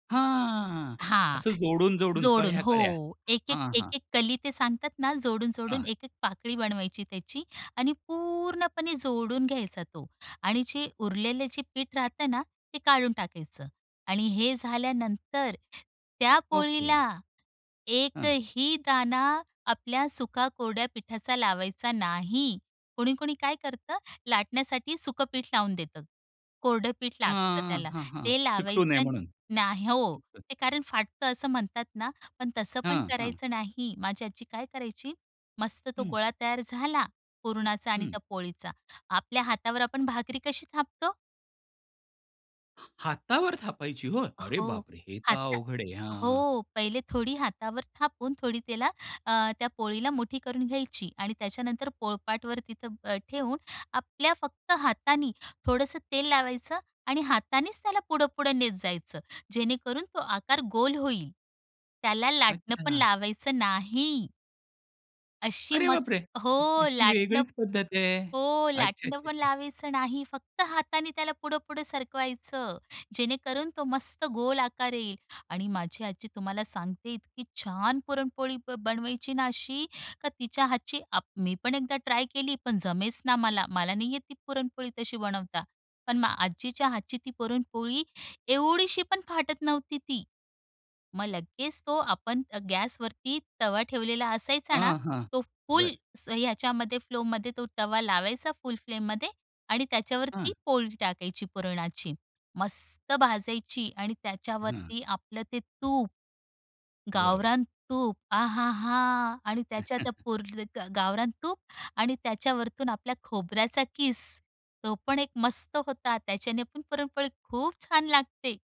हां. हां. असं जोडून-जोडून, जोडून कळ्या-कळ्या, हो. एक-एक, हां, हां. एक-एक कली ते सांगतात ना, हां. जोडून-जोडून एक-एक पाकळी बनवायची त्याची आणि पूर्णपणे जोडून घ्यायचा तो आणि जे उरलेले जे पीठ राहत ना, ते काढून टाकायचं. आणि हे झाल्यानंतर, त्या पोळीला, ओके. हं. एकही दाणा आपल्या सुका कोरड्या पिठाचा लावायचा नाही. कोणी-कोणी काय करतं? लाटण्यासाठी सुखं पीठ लावून देतं. कोरडं पीठ लागतं हं. त्याला, हां, हां. ते चिकटू नये लावायचं, म्हणून नाह हो. तिथं. ते कारण फाटत असं म्हणतात ना, पण तसं पण हं. हां. करायचं नाही. माझी आजी काय करायची? मस्त तो हं. गोळा तयार झाला, पुरणाचा आणि हं. त्या पोळीचा, आपल्या हातावर आपण भाकरी कशी थापतो. हा हातावर थापायची होय? अरे हो. बापरे! हे, तर हाता अवघड आहे. हां. हो. पहिले थोडी हातावर थापून थोडी त्याला अ, त्या पोळीला मुठी करून घ्यायची. आणि त्याच्यानंतर पोळपाटवर तिथं अ, ठेवून, आपल्या फक्त हातानी, थोडंसं तेल लावायचं आणि हातांनीच त्याला पुढं-पुढं नेत जायचं. जेणेकरून तो आकार गोल होईल. त्याला लाटणं पण अच्छा. लावायचं नाही. अशी अरे मस् बापरे! हो. ही लाटणं वेगळीच पद्धत आहे. हो. अच्छा. लाटणं पण अच्छा. लावायचं नाही. फक्त हाताने त्याला पुढं-पुढं सरकवायचं, जेणेकरून तो मस्त गोल आकार येईल. आणि माझी आजी तुम्हाला सांगते इतकी छान पुरणपोळी ब बनवायची ना अशी, का तिच्या हातची आप मी पण एकदा ट्राय केली, पण जमेच ना मला, मला नाही येत ती पुरणपोळी, तशी बनवता. पण मग आजीच्या हातची ती पुरणपोळी, एवढीशी पण फाटत नव्हती ती. मग लगेच तो आपण अ, गॅसवरती तवा ठेवलेला असायचा ना? हां, हां. तो फुल बरं. स ह्याच्यामध्ये फ्लोमध्ये तो तवा लावायचा, फुल फ्लेममध्ये आणि हं. त्याच्यावरती पोळी टाकायची पुरणाची. मस्त भाजायची आणि हं. त्याच्यावरती आपलं ते तूप. बरं. गावरान तूप, आहाहा! आणि त्याच्या त्या पुर गावरान तूप आणि त्याच्यावरतून आपल्या खोबऱ्याचा किस, तो पण एक मस्त होता. त्याच्याने पण पुरणपोळी खूप छान लागते!